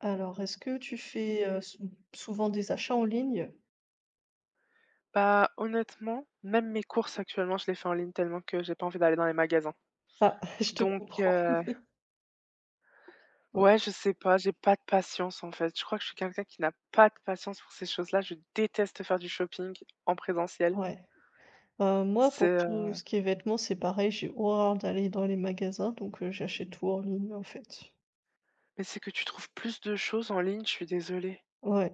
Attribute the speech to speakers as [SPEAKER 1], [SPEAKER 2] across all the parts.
[SPEAKER 1] Alors est-ce que tu fais, heu, sou souvent des achats en ligne?
[SPEAKER 2] Bah honnêtement, même mes courses actuellement, je les fait en ligne tellement que j'ai pas envie d'aller dans les magasins.
[SPEAKER 1] Ah je te
[SPEAKER 2] Donc
[SPEAKER 1] comprends.
[SPEAKER 2] heu
[SPEAKER 1] [unintelligible]
[SPEAKER 2] Ouais, je sais pas, j'ai pas de patience en fait. Je crois que je suis quelqu'un qui n'a pas de patience pour ces choses-là, je déteste faire du shopping, en présentiel.
[SPEAKER 1] Ouais. Heu, moi
[SPEAKER 2] C'est
[SPEAKER 1] pour tout
[SPEAKER 2] heu
[SPEAKER 1] ce qui est vêtements, c'est pareil. J'ai horreur d'aller dans les magasins, donc heu, j'achète tout en ligne en fait.
[SPEAKER 2] Mais c'est que tu trouves plus de choses en ligne, je suis désolée.
[SPEAKER 1] Ouais.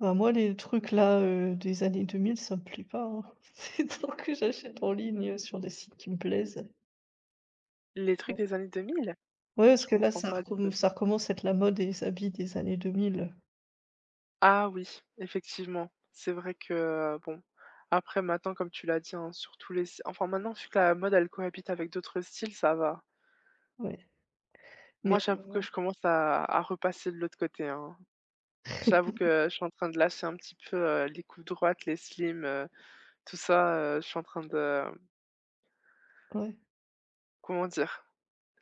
[SPEAKER 1] Bah moi les trucs là, heu, des années 2000, ça me plait pas hein. Tant que j'achète en ligne, heu, sur des sites qui me plaisent.
[SPEAKER 2] Les trucs
[SPEAKER 1] [unintelligible]
[SPEAKER 2] des années 2000?
[SPEAKER 1] Ouais, parce
[SPEAKER 2] Je
[SPEAKER 1] que là
[SPEAKER 2] comprends
[SPEAKER 1] ça
[SPEAKER 2] pas de
[SPEAKER 1] recommen ça recommence à être la mode des habits des années 2000.
[SPEAKER 2] Ah oui, effectivement. C'est vrai que, heu, bon après maintenant comme tu l'as dit hein, sur tous les s enfin maintenant, vu que la mode, elle cohabite avec d'autres styles, ça va.
[SPEAKER 1] Ouais. Mais
[SPEAKER 2] Moi, j'avoue que
[SPEAKER 1] [unintelligible]
[SPEAKER 2] je commence à à repasser de l'autre côté hein. J'avoue que je suis en train de lâcher un petit peu, heu, les coupes droites, les slims, heu, tout ça, heu. Je suis en train de, hem
[SPEAKER 1] Ouais.
[SPEAKER 2] comment dire?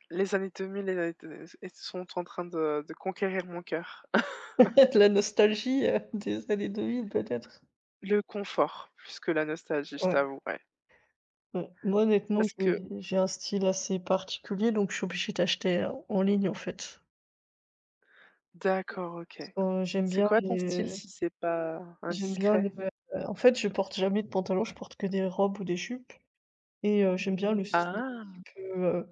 [SPEAKER 2] Les années 2000 et et t et sont en train de de conquérir mon cœur.
[SPEAKER 1] La nostalgie, heu, des années 2000, peut-être.
[SPEAKER 2] Le confort, plus que la nostalgie, je
[SPEAKER 1] Ouais.
[SPEAKER 2] t'avouerais.
[SPEAKER 1] Mmh. Moi honnêtement
[SPEAKER 2] Parce que
[SPEAKER 1] j'ai j'ai un style assez particulier, donc je suis obligée d'acheter en ligne en fait.
[SPEAKER 2] D'accord, OK.
[SPEAKER 1] Parce que j'aime
[SPEAKER 2] C'est
[SPEAKER 1] bien
[SPEAKER 2] quoi ton style,
[SPEAKER 1] les
[SPEAKER 2] si c'est pas
[SPEAKER 1] j'aime bien le
[SPEAKER 2] indiscret?
[SPEAKER 1] vê heu, en fait, je porte jamais de pantalon, je porte que des robes ou des jupes, et heu, j'aime bien le style un
[SPEAKER 2] Ah!
[SPEAKER 1] petit, heu,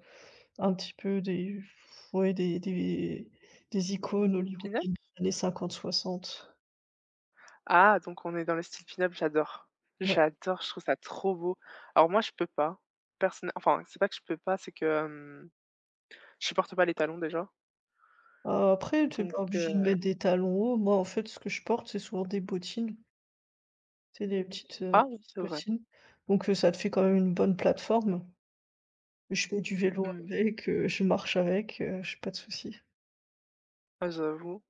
[SPEAKER 1] un petit peu des, pfff ouais, des des des icônes
[SPEAKER 2] Pin-up?
[SPEAKER 1] hollywoodiennes des années 50-60.
[SPEAKER 2] Ah, donc on est dans le style pin-up, j'adore
[SPEAKER 1] Ouais.
[SPEAKER 2] j'adore, je trouve ça trop beau. Alors moi, je peux pas. Personn enfin, c'est pas que je peux pas, c'est que, hem, je supporte pas les talons, déjà.
[SPEAKER 1] Heu, après, t'es
[SPEAKER 2] Donc
[SPEAKER 1] pas obligée de
[SPEAKER 2] heu
[SPEAKER 1] mettre des talons hauts, moi, en fait, ce que je porte, c'est souvent des bottines. C'est des petites, heu,
[SPEAKER 2] Ah oui, c'est vrai.
[SPEAKER 1] bottines. Donc heu, ça te fait quand même une bonne plateforme. Et je fais du vélo
[SPEAKER 2] Mmh.
[SPEAKER 1] avec, heu, je marche avec, heu, j'ai pas de souci.
[SPEAKER 2] Ah, j'avoue.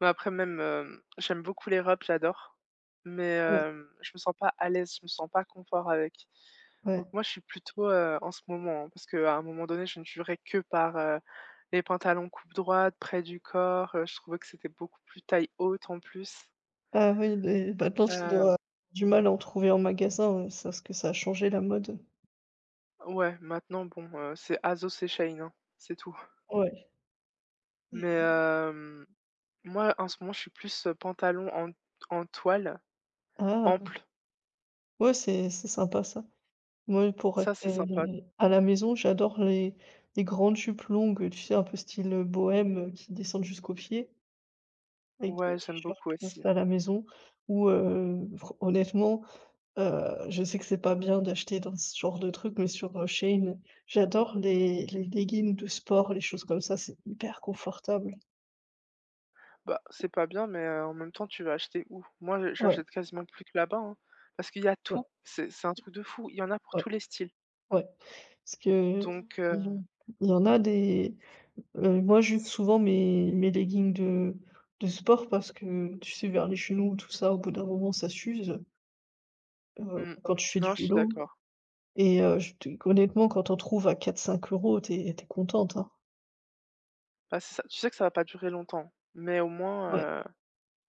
[SPEAKER 2] Mais après, même, hem, j'aime beaucoup les robes, j'adore. Mais
[SPEAKER 1] Ouais.
[SPEAKER 2] hem, je me sens pas à l'aise, je me sens pas confort avec.
[SPEAKER 1] Ouais.
[SPEAKER 2] Donc moi, je suis plutôt, heu en ce moment, parce qu'à un moment donné, je ne jurais que par, heu, les pantalons coupe droite, près du corps. Heu, je trouvais que c'était beaucoup plus taille haute, en plus.
[SPEAKER 1] Ah oui, beh, maintenant, tu dois
[SPEAKER 2] Heu
[SPEAKER 1] avoir du mal à en trouver en magasin. Ouais, ça, ce que ça a changé, la mode.
[SPEAKER 2] Ouais, maintenant, bon, heu, c'est Asos et Shein, hein, c'est tout.
[SPEAKER 1] Ouais.
[SPEAKER 2] Mais
[SPEAKER 1] [unintelligible]
[SPEAKER 2] heu, moi, en ce moment, je suis plus pantalons en en toile,
[SPEAKER 1] Ah ouais
[SPEAKER 2] amples.
[SPEAKER 1] ouais, c'est c'est sympa, ça. Mouais, pour
[SPEAKER 2] Ça, c'est sympa.
[SPEAKER 1] rester à la maison, j'adore les, les grandes jupes longues, heu, tu sais, un peu style bohème, heu, qui descendent jusqu'aux pieds. Avec des
[SPEAKER 2] Ouais, j'aime
[SPEAKER 1] t-shirts
[SPEAKER 2] beaucoup
[SPEAKER 1] pour
[SPEAKER 2] aussi.
[SPEAKER 1] rester à la maison ou heu, fran honnêtement, heu, je sais que c'est pas bien d'acheter dans ce genre de truc mais sur, heu, Shein, j'adore les les leggins de sport, les choses comme ça, c'est hyper confortable.
[SPEAKER 2] Bah, c'est pas bien, mais heu, en même temps, tu vas acheter où? Moi, j
[SPEAKER 1] Ouais.
[SPEAKER 2] j'achète quasiment plus que là-bas, hein. Parce qu'il y a
[SPEAKER 1] Ouais.
[SPEAKER 2] tout, c'est c'est un truc de fou, il y en a pour
[SPEAKER 1] Ouais
[SPEAKER 2] tous les styles.
[SPEAKER 1] ouais. Parce que, heu,
[SPEAKER 2] Donc
[SPEAKER 1] ils
[SPEAKER 2] heu
[SPEAKER 1] ont il y en a des, heu Moi, j'use souvent mes mes leggings de de sport parce que, tu sais, vers les genoux et tout ça, au bout d'un moment, ça s'use. Heu,
[SPEAKER 2] Mmh,
[SPEAKER 1] quand tu fais du
[SPEAKER 2] non, je suis
[SPEAKER 1] vélo
[SPEAKER 2] d'accord.
[SPEAKER 1] et heu, je te honnêtement, quand on trouve à 4, 5€, tu es tu es contente, hein.
[SPEAKER 2] Bah, c'est ça, tu sais que ça va pas durer longtemps, mais au moins,
[SPEAKER 1] Ouais.
[SPEAKER 2] heu,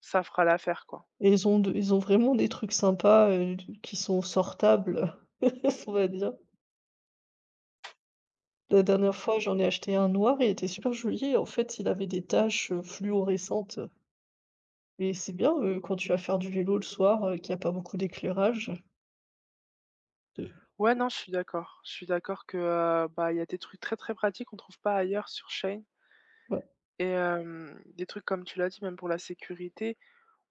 [SPEAKER 2] ça fera l'affaire, quoi.
[SPEAKER 1] Et ils ont de ils ont vraiment des trucs sympas, heu, d qui sont sortables. On va dire. La dernière fois, j'en ai acheté un noir, il était super joli et en fait, il avait des tâches, heu, fluorescentes. Et c'est bien, heu, quand tu vas faire du vélo le soir, heu, qu'il y a pas beaucoup d'éclairage. De nuit
[SPEAKER 2] Ouais, non, je suis d'accord. Je suis d'accord que, heu, bah, il y a des trucs très, très pratiques qu'on trouve pas ailleurs sur Shein.
[SPEAKER 1] Ouais.
[SPEAKER 2] Et hem, des trucs, comme tu l'as dit, même pour la sécurité,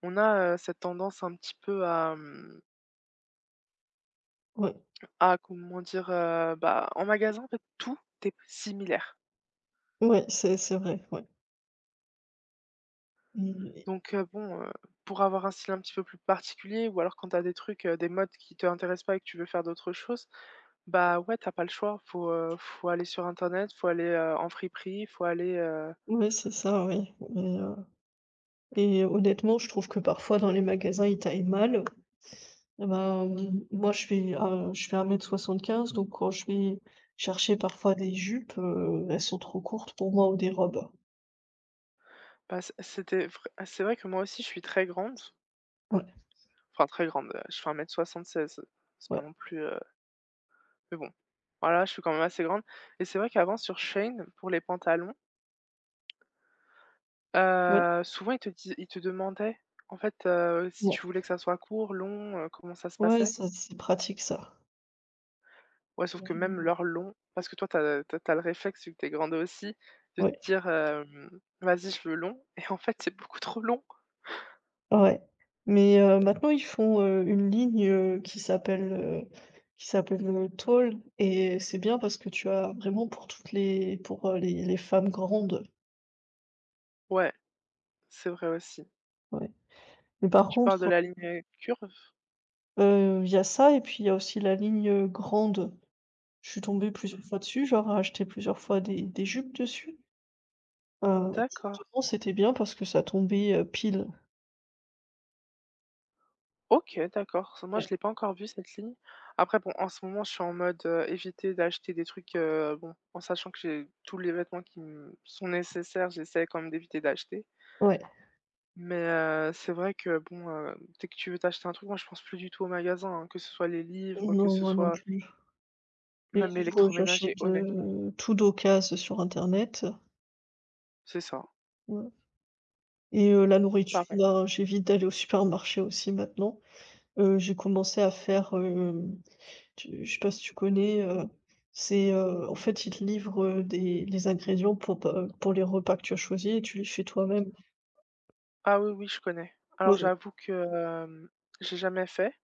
[SPEAKER 2] on a, heu, cette tendance un petit peu à, mmh
[SPEAKER 1] Ouais.
[SPEAKER 2] à comment dire, heu. Bah, en magasin, en fait, tout est similaire.
[SPEAKER 1] Ouais, c'est assez vrai, ouais. Mmh, oui.
[SPEAKER 2] Donc heu, bon, heu, pour avoir un style un petit peu plus particulier ou alors quand tu as des trucs, heu, des modes qui t'intéressent pas et que tu veux faire d'autres choses, bah, ouais, tu as pas le choix, faut, heu, faut, aller sur internet, faut aller, heu, en friperie, faut aller, heu
[SPEAKER 1] Ouais, c'est ça, oui, mais, heu. Et honnêtement, je trouve que, parfois, dans les magasins, ils taillent mal et ben, moi, je fais, heu, je fais 1,75 m, donc, quand je vais chercher, parfois, des jupes, heu, elles sont trop courtes, pour moi, ou des robes.
[SPEAKER 2] Bah c'est c'était vrai, bah c'est vrai que moi aussi je suis très grande.
[SPEAKER 1] Ouais.
[SPEAKER 2] Enfin, très grande, heu, je fais 1m76. C'est pas
[SPEAKER 1] Ouais.
[SPEAKER 2] non plus, heu Mais bon, voilà, je suis quand même assez grande. Et c'est vrai qu'avant, sur Shein, pour les pantalons.
[SPEAKER 1] Ouais.
[SPEAKER 2] Heu, souvent, ils te disent ils te demandaient, en fait, heu, si
[SPEAKER 1] Yep
[SPEAKER 2] tu voulais que ça soit court, long, heu, comment ça se
[SPEAKER 1] Ouais,
[SPEAKER 2] passait.
[SPEAKER 1] ça c'est pratique ça.
[SPEAKER 2] Ouais, sauf que même
[SPEAKER 1] [unintelligible]
[SPEAKER 2] leur long, parce que toi tu as tu as tu as le réflexe vu que tu es grande aussi, de te
[SPEAKER 1] Ouais.
[SPEAKER 2] dire, heu: «Vas-y, je veux long». Et en fait, c'est beaucoup trop long.
[SPEAKER 1] Ouais. Mais heu, maintenant, ils font, heu, une ligne, heu, qui s'appelle, heu, qui s'appelle, heu: «Tall». Et c'est bien parce que tu as vraiment pour toutes les pour, heu, les les femmes grandes.
[SPEAKER 2] Ouais. C'est vrai aussi.
[SPEAKER 1] Ouais. Mais par
[SPEAKER 2] Tu parles de
[SPEAKER 1] contre
[SPEAKER 2] la ligne, heu: «Curve»?
[SPEAKER 1] Heu, il y a ça, et puis il y a aussi la ligne, heu: «Grande». Je suis tombée plusieurs fois dessus, je leur ai acheté plusieurs fois des des jupes dessus. Heu. Et
[SPEAKER 2] D'accord.
[SPEAKER 1] justement, c'était bien parce que ça tombait, heu, pile.
[SPEAKER 2] OK d'accord, ça moi
[SPEAKER 1] Ouais.
[SPEAKER 2] je l'ai pas encore vu cette ligne. Après bon, en ce moment je suis en mode, heu, éviter d'acheter des trucs, heu bon, en sachant que j'ai tous les vêtements qui me sont nécessaires, j'essaie quand même d'éviter d'acheter.
[SPEAKER 1] Ouais.
[SPEAKER 2] Mais, heu, c'est vrai que bon, hem, dès que tu veux t'acheter un truc, moi je pense plus du tout au magasin, hein, que ce soit les livres, que
[SPEAKER 1] Non,
[SPEAKER 2] ce
[SPEAKER 1] moi non
[SPEAKER 2] soit
[SPEAKER 1] plus. Les
[SPEAKER 2] Même
[SPEAKER 1] livres, heu,
[SPEAKER 2] l'électroménager
[SPEAKER 1] j'achète,
[SPEAKER 2] honnêtement.
[SPEAKER 1] heu, tout d'occase, heu, sur internet.
[SPEAKER 2] C'est ça.
[SPEAKER 1] Ouais, et heu, la nourriture,
[SPEAKER 2] Pareil.
[SPEAKER 1] ben j'évite d'aller au supermarché aussi maintenant, heu, j'ai commencé à faire, hem, tu je sais pas si tu connais, heu, c'est, heu, en fait ils te livrent, heu, des les ingrédients pour pas, heu, pour les repas que tu as choisis et tu les fais toi-même.
[SPEAKER 2] Ah oui, oui, je connais. Alors
[SPEAKER 1] Oui.
[SPEAKER 2] j'avoue que, hem, j'ai jamais fait,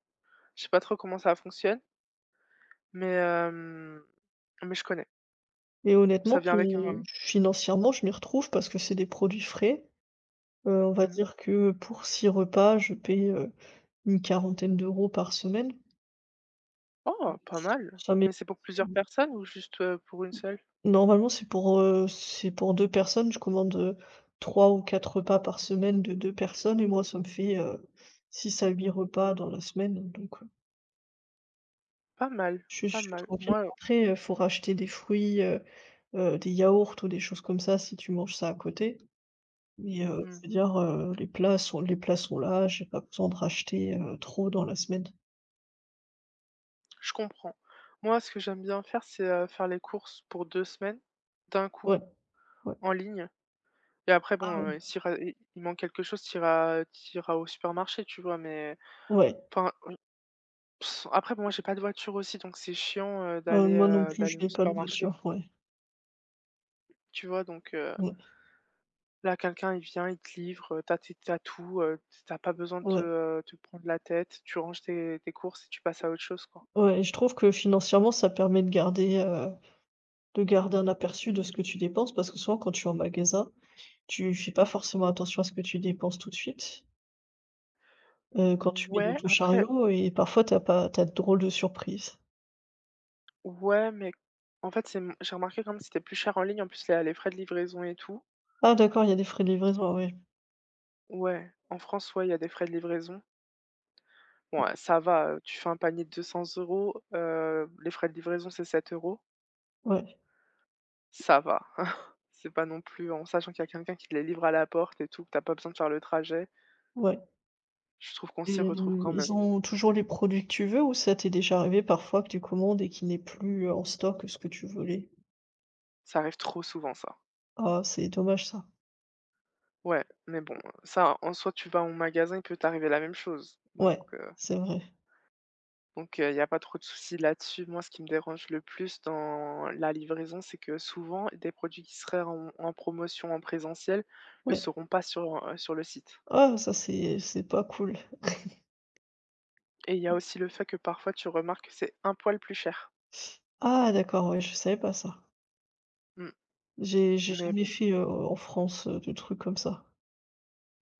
[SPEAKER 2] je sais pas trop comment ça fonctionne mais, hem, mais je connais.
[SPEAKER 1] Et honnêtement
[SPEAKER 2] Ça vient avec
[SPEAKER 1] qui
[SPEAKER 2] un
[SPEAKER 1] financièrement je m'y retrouve parce que c'est des produits frais, heu, on va
[SPEAKER 2] Mmh mh.
[SPEAKER 1] dire que pour 6 repas je paie, heu, une quarantaine d'euros par semaine.
[SPEAKER 2] Oh! Pas mal! Mais c'est pour plusieurs
[SPEAKER 1] [unintelligible]
[SPEAKER 2] personnes ou juste, heu, pour une
[SPEAKER 1] Mmh.
[SPEAKER 2] seule?
[SPEAKER 1] Normalement, c'est pour, heu, c'est pour 2 personnes, je commande, heu, 3 ou 4 repas par semaine de 2 personnes et moi ça me fait, heu, 6 à 8 repas dans la semaine, donc heu
[SPEAKER 2] Pas mal
[SPEAKER 1] Je suis je
[SPEAKER 2] pas
[SPEAKER 1] suis
[SPEAKER 2] mal.
[SPEAKER 1] tranquille,
[SPEAKER 2] Moi,
[SPEAKER 1] bon,
[SPEAKER 2] heu
[SPEAKER 1] après, heu, faut racheter des fruits, heu heu, des yaourts ou des choses comme ça si tu manges ça à côté mais heu,
[SPEAKER 2] Mmh.
[SPEAKER 1] je veux dire, heu, les plats sont les plats sont là, j'ai pas besoin de racheter, heu, trop dans la semaine.
[SPEAKER 2] Je comprends. Moi, ce que j'aime bien faire, c'est, heu, faire les courses pour 2 semaines, d'un coup,
[SPEAKER 1] Ouais, ouais.
[SPEAKER 2] en ligne et après bon,
[SPEAKER 1] Ah oui.
[SPEAKER 2] heu, s'il res il il manque quelque chose tu iras tu iras au supermarché, tu vois, mais
[SPEAKER 1] Ouais.
[SPEAKER 2] enfin, après, bon, moi, j'ai pas de voiture aussi, donc c'est chiant, heu,
[SPEAKER 1] Heu,
[SPEAKER 2] d'aller,
[SPEAKER 1] moi non
[SPEAKER 2] heu,
[SPEAKER 1] plus, je
[SPEAKER 2] d'aller au
[SPEAKER 1] n'ai pas de
[SPEAKER 2] supermarché.
[SPEAKER 1] voiture, ouais.
[SPEAKER 2] Tu vois, donc heu
[SPEAKER 1] Ouais.
[SPEAKER 2] Là, quelqu'un, il vient, il te livre. Tu as ti tu as tout, heu, tu as pas besoin de te,
[SPEAKER 1] Ouais.
[SPEAKER 2] heu, te prendre la tête, tu ranges tes tes courses et tu passes à autre chose, quoi.
[SPEAKER 1] Ouais, je trouve que financièrement ça permet de garder, heu, de garder un aperçu de ce que tu dépenses parce que souvent quand tu es en magasin, tu fais pas forcément attention à ce que tu dépenses tout de suite. Heu, quand tu mets dans
[SPEAKER 2] Ouais,
[SPEAKER 1] ton
[SPEAKER 2] après
[SPEAKER 1] chariot et parfois, tu as pas tu as de drôles de surprises.
[SPEAKER 2] Ouais, mais. En fait, c'est, mmh j'ai remarqué quand même, c'était plus cher en ligne. En plus, il y a les frais de livraison et tout.
[SPEAKER 1] Ah d'accord, il y a des frais de livraison. Ah oui.
[SPEAKER 2] Ouais, en France, ouais, il y a des frais de livraison. Ouais, ça va, heu, tu fais un panier de 200€, heu, les frais de livraison, c'est 7€.
[SPEAKER 1] Ouais.
[SPEAKER 2] Ça va. C'est pas non plus en sachant qu'il y a quelqu'un qui les livre à la porte et tout, tu as pas besoin de faire le trajet.
[SPEAKER 1] Ouais.
[SPEAKER 2] Je trouve qu'on s'y
[SPEAKER 1] Et
[SPEAKER 2] retrouve
[SPEAKER 1] mmh,
[SPEAKER 2] quand
[SPEAKER 1] ils
[SPEAKER 2] même.
[SPEAKER 1] ont toujours les produits que tu veux? Ou ça t'est déjà arrivé, parfois, que tu commandes et qu'ils n'aient plus en stock que ce que tu voulais?
[SPEAKER 2] Ça arrive trop souvent, ça.
[SPEAKER 1] Ah, c'est dommage, ça.
[SPEAKER 2] Ouais, mais bon, heu. Ça, en soi, tu vas en magasin, il peut t'arriver la même chose. Donc
[SPEAKER 1] Ouais,
[SPEAKER 2] heu
[SPEAKER 1] c'est vrai.
[SPEAKER 2] Donc heu, il y a pas trop de souci là-dessus. Moi, ce qui me dérange le plus dans la livraison, c'est que, souvent, des produits qui seraient en en promotion en présentiel ne
[SPEAKER 1] Ouais.
[SPEAKER 2] seront pas sur, heu, sur le site.
[SPEAKER 1] Oh, ça, c'est, heu, c'est pas cool.
[SPEAKER 2] Et il y a aussi le fait que, parfois, tu remarques que c'est un poil plus cher.
[SPEAKER 1] Ah, d'accord, oui, je savais pas ça.
[SPEAKER 2] Mmh,
[SPEAKER 1] J'ai j'ai
[SPEAKER 2] mais
[SPEAKER 1] jamais
[SPEAKER 2] bon.
[SPEAKER 1] fait, heu, en France, heu, de trucs comme ça.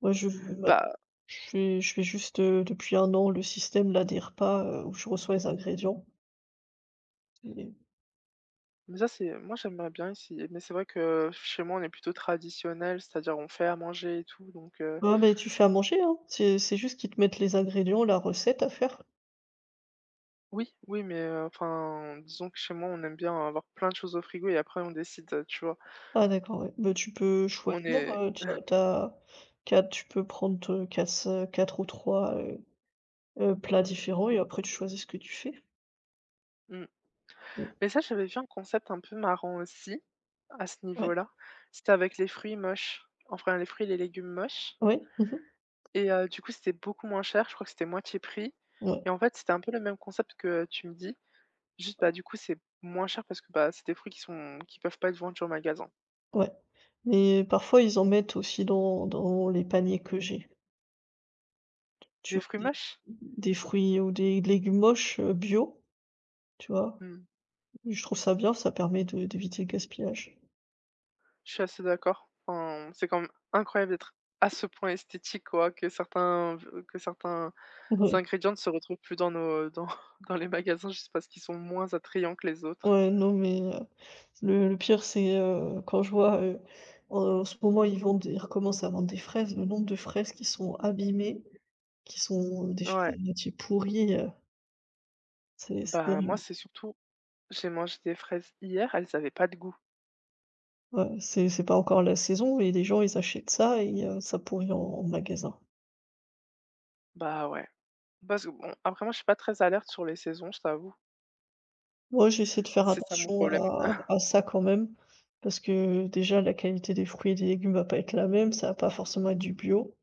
[SPEAKER 1] Ouais, je je ouais.
[SPEAKER 2] Bah
[SPEAKER 1] Je fais je fais juste, heu, depuis 1 an, le système-là des repas, heu, où je reçois les ingrédients et et
[SPEAKER 2] Mais ça, c'est, hem, moi, j'aimerais bien essayer mais c'est vrai que, pff, chez moi, on est plutôt traditionnels, c'est-à-dire, on fait à manger et tout, donc heu
[SPEAKER 1] Ouais, mais tu fais à manger, hein. C'est c'est juste qu'ils te mettent les ingrédients, la recette à faire.
[SPEAKER 2] Oui, oui mais heu, enfin, disons que chez moi, on aime bien avoir plein de choses au frigo et après, on décide, heu, tu vois?
[SPEAKER 1] Ah, d'accord, ouais, bah, tu peux
[SPEAKER 2] On
[SPEAKER 1] choisir,
[SPEAKER 2] est
[SPEAKER 1] heu, tu as tu as tu as tu peux prendre, heu, quasse-quatre ou 3, heu heu, plats différents et après tu choisis ce que tu fais.
[SPEAKER 2] Mmh.
[SPEAKER 1] Mmh.
[SPEAKER 2] Mais ça, j'avais vu un concept un peu marrant aussi, à ce
[SPEAKER 1] Ouais.
[SPEAKER 2] niveau-là. C'était avec les fruits moches, enfin, les fruits et les légumes moches
[SPEAKER 1] Oui, mmh mh.
[SPEAKER 2] et heu, du coup, c'était beaucoup moins cher, je crois que c'était moitié prix
[SPEAKER 1] Ouais.
[SPEAKER 2] et en fait, c'était un peu le même concept que tu me dis. Juste, bah, du coup, c'est moins cher parce que, bah, c'est des fruits qui sont qui peuvent pas être vendus en magasin.
[SPEAKER 1] Ouais mais parfois, ils en mettent aussi dans dans les paniers que j'ai.
[SPEAKER 2] Des fruits
[SPEAKER 1] [unintelligible]
[SPEAKER 2] moches?
[SPEAKER 1] des fruits ou des légumes moches, heu, bio, tu vois?
[SPEAKER 2] Mmh mh.
[SPEAKER 1] Je trouve ça bien, ça permet de d'éviter le gaspillage.
[SPEAKER 2] Je suis assez d'accord, enfin, c'est quand même incroyable d'être, à ce point, esthétique, quoi, que certains ve que certains,
[SPEAKER 1] Ouais.
[SPEAKER 2] ingrédients ne se retrouvent plus dans nos, heu, dans dans les magasins, juste parce qu'ils sont moins attrayants que les autres.
[SPEAKER 1] Ouais, non, mais heu, le le pire c'est, heu, quand je vois, heu heu, en ce moment, ils vendent ils recommencent à vendre des fraises, le nombre de fraises qui sont abîmées, qui sont, heu, déjà à
[SPEAKER 2] Ouais.
[SPEAKER 1] moitié pourries, heu C'est c'est
[SPEAKER 2] Bah, moi,
[SPEAKER 1] terrible!
[SPEAKER 2] c'est surtout j'ai mangé des fraises hier, elles avaient pas de goût.
[SPEAKER 1] Ouais, c'est c'est pas encore la saison et les gens, ils achètent ça et heu, ça pourrit en en magasin.
[SPEAKER 2] Bah, ouais, parce que, bon, après moi, je suis pas très alerte sur les saisons, je t'avoue.
[SPEAKER 1] Moi, j'essaie de faire
[SPEAKER 2] C'est ça, mon
[SPEAKER 1] attention
[SPEAKER 2] problème.
[SPEAKER 1] à à ça, quand même, parce que, déjà, la qualité des fruits et des légumes va pas être la même, ça va pas forcément être du bio.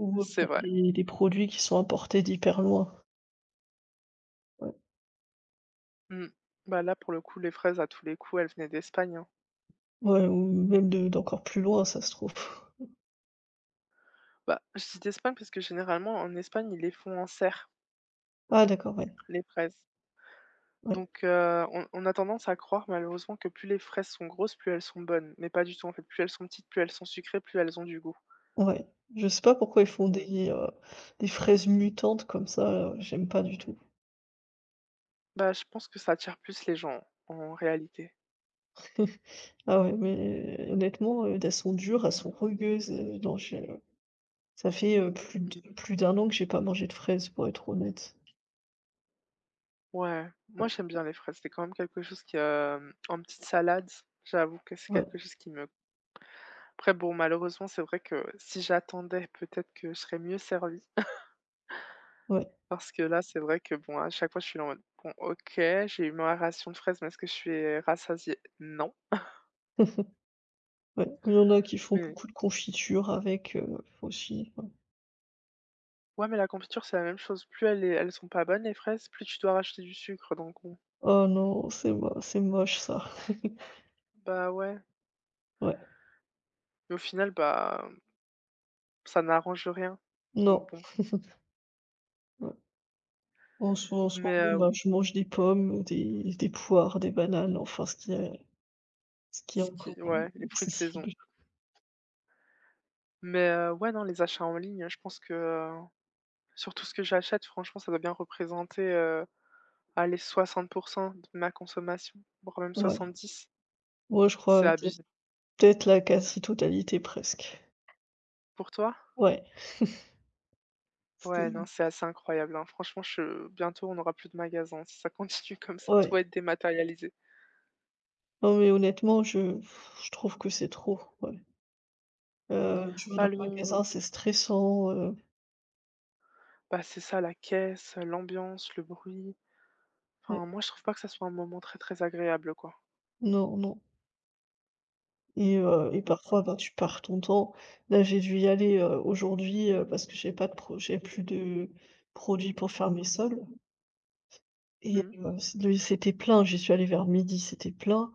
[SPEAKER 1] Ou, heu,
[SPEAKER 2] C'est
[SPEAKER 1] bah
[SPEAKER 2] vrai.
[SPEAKER 1] des des produits qui sont importés d'hyper loin. Ouais.
[SPEAKER 2] Mmh. Bah là, pour le coup, les fraises, à tous les coups elles venaient d'Espagne, hein.
[SPEAKER 1] Ouais, ou heu, même de d'encore plus loin, si ça se trouve.
[SPEAKER 2] Bah, je dis d'Espagne parce que généralement en Espagne, ils les font en serre.
[SPEAKER 1] Ah d'accord! Ouais.
[SPEAKER 2] Les fraises.
[SPEAKER 1] Ouais.
[SPEAKER 2] Donc heu, on on a tendance à croire malheureusement que plus les fraises sont grosses, plus elles sont bonnes. Mais pas du tout, en fait, plus elles sont petites, plus elles sont sucrées, plus elles ont du goût.
[SPEAKER 1] Ouais, je sais pas pourquoi ils font
[SPEAKER 2] Mmh.
[SPEAKER 1] des, heu, des fraises mutantes comme ça, là. J'aime pas du tout.
[SPEAKER 2] Bah, je pense que ça attire plus les gens, en réalité.
[SPEAKER 1] Ah ouais. Mais, honnêtement, heu, d elles sont dures, elles sont rugueuses, heu, non je ça fait, heu, plus d
[SPEAKER 2] Mmh mh.
[SPEAKER 1] plus d'un an que j'ai pas mangé de fraises, pour être honnête.
[SPEAKER 2] Ouais. Moi,
[SPEAKER 1] Ouais.
[SPEAKER 2] j'aime bien les fraises, c'est quand même quelque chose qui, hem, en petite salade s j'avoue que c'est quelque
[SPEAKER 1] Ouais.
[SPEAKER 2] chose qui me Après, bon malheureusement, c'est vrai que si j'attendais, peut-être que je serais mieux servie.
[SPEAKER 1] Ouais.
[SPEAKER 2] Parce que là, c'est vrai que bon, à chaque fois, je suis là en mode: «Bon OK, j'ai eu ma ration de fraises, mais est-ce que je suis rassasiée? Non!»
[SPEAKER 1] Ouais, il y en a qui font
[SPEAKER 2] Mais et
[SPEAKER 1] beaucoup de confiture avec, heu, aussi, ouais.
[SPEAKER 2] Ouais, mais la confiture, c'est la même chose. Plus elle est elles sont pas bonnes les fraises, plus tu dois racheter du sucre, donc bon.
[SPEAKER 1] Oh non, c'est mo c'est moche, ça.
[SPEAKER 2] Bah ouais.
[SPEAKER 1] Ouais.
[SPEAKER 2] Mais au final, bah hem ça n'arrange rien, donc
[SPEAKER 1] Non.
[SPEAKER 2] bon.
[SPEAKER 1] Ouais. En s en
[SPEAKER 2] Mais
[SPEAKER 1] soirée
[SPEAKER 2] heu, ou
[SPEAKER 1] bah, je mange des pommes, des des poires, des bananes, enfin ce qui est ce qui est
[SPEAKER 2] Ce
[SPEAKER 1] encore
[SPEAKER 2] qui ouais,
[SPEAKER 1] [unintelligible]
[SPEAKER 2] les fruits de saison.
[SPEAKER 1] accessible.
[SPEAKER 2] Mais, heu, ouais, non, les achats en ligne, hein, je pense que, heu, sur tout ce que j'achète, franchement, ça doit bien représenter, heu, allez 60% de ma consommation, voire même
[SPEAKER 1] Ouais
[SPEAKER 2] 70.
[SPEAKER 1] ouais, je
[SPEAKER 2] C'est
[SPEAKER 1] crois. OK,
[SPEAKER 2] abusé.
[SPEAKER 1] peut-être la quasi-totalité, presque.
[SPEAKER 2] Pour toi?
[SPEAKER 1] Ouais.
[SPEAKER 2] Ouais, non, c'est
[SPEAKER 1] [unintelligible]
[SPEAKER 2] assez incroyable, hein. Franchement, che bientôt on aura plus de magasins, si ça continue comme ça, tout
[SPEAKER 1] Ouais.
[SPEAKER 2] va être dématérialisé.
[SPEAKER 1] Non, mais honnêtement, je, pff, je trouve que c'est trop, ouais. Heu, je vais dans
[SPEAKER 2] Pas
[SPEAKER 1] le
[SPEAKER 2] le
[SPEAKER 1] magasin, c'est stressant, heu
[SPEAKER 2] Bah, c'est ça, la caisse, heu, l'ambiance, le bruit,
[SPEAKER 1] Ouais.
[SPEAKER 2] enfin, moi, je trouve pas que ça soit un moment très, très agréable, quoi
[SPEAKER 1] Non, non et heu et
[SPEAKER 2] donc
[SPEAKER 1] parfois,
[SPEAKER 2] heu
[SPEAKER 1] ben, tu perds ton temps. Là, j'ai dû y aller, heu, aujourd'hui, heu, parce que j'ai pas de pro j'ai plus de produits pour faire mes sols et
[SPEAKER 2] Mmh.
[SPEAKER 1] heu, de c'était plein. J'y suis allée vers midi, c'était plein,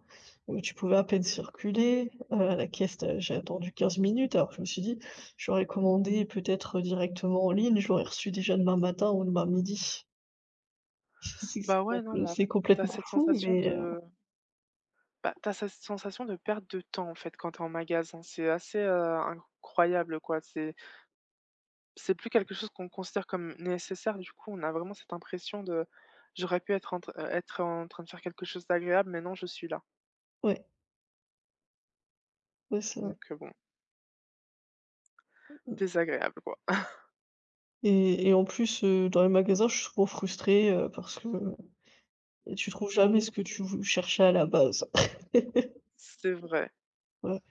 [SPEAKER 1] heu, tu pouvais à peine circuler, heu, à la caisse, tu as j'ai attendu 15 minutes alors que je me suis dit: «J'aurais commandé, peut-être, directement en ligne, je l'aurais reçu déjà demain matin ou demain midi». C'est que c'est
[SPEAKER 2] Bah, ouais, non
[SPEAKER 1] complet
[SPEAKER 2] mais en
[SPEAKER 1] c'est
[SPEAKER 2] fait, tu as
[SPEAKER 1] complètement
[SPEAKER 2] cette
[SPEAKER 1] fou
[SPEAKER 2] sensation
[SPEAKER 1] mais heu
[SPEAKER 2] de bah, tu as cette sensation de perte de temps, en fait, quand tu es en magasin. C'est assez, heu, incroyable, quoi. C'est c'est plus quelque chose qu'on considère comme nécessaire, du coup, on a vraiment cette impression de j'aurais pu être en tr heu, être en train de faire quelque chose d'agréable, mais non, je suis là
[SPEAKER 1] Ouais. Ouais, c'est vrai.
[SPEAKER 2] donc heu, bon
[SPEAKER 1] Mmh mh.
[SPEAKER 2] désagréable, quoi.
[SPEAKER 1] Et et en plus, heu, dans les magasins, je suis souvent frustrée, heu, parce que, heu, tu trouves jamais ce que tu vou cherchais à la base.
[SPEAKER 2] C'est vrai.
[SPEAKER 1] Ouais.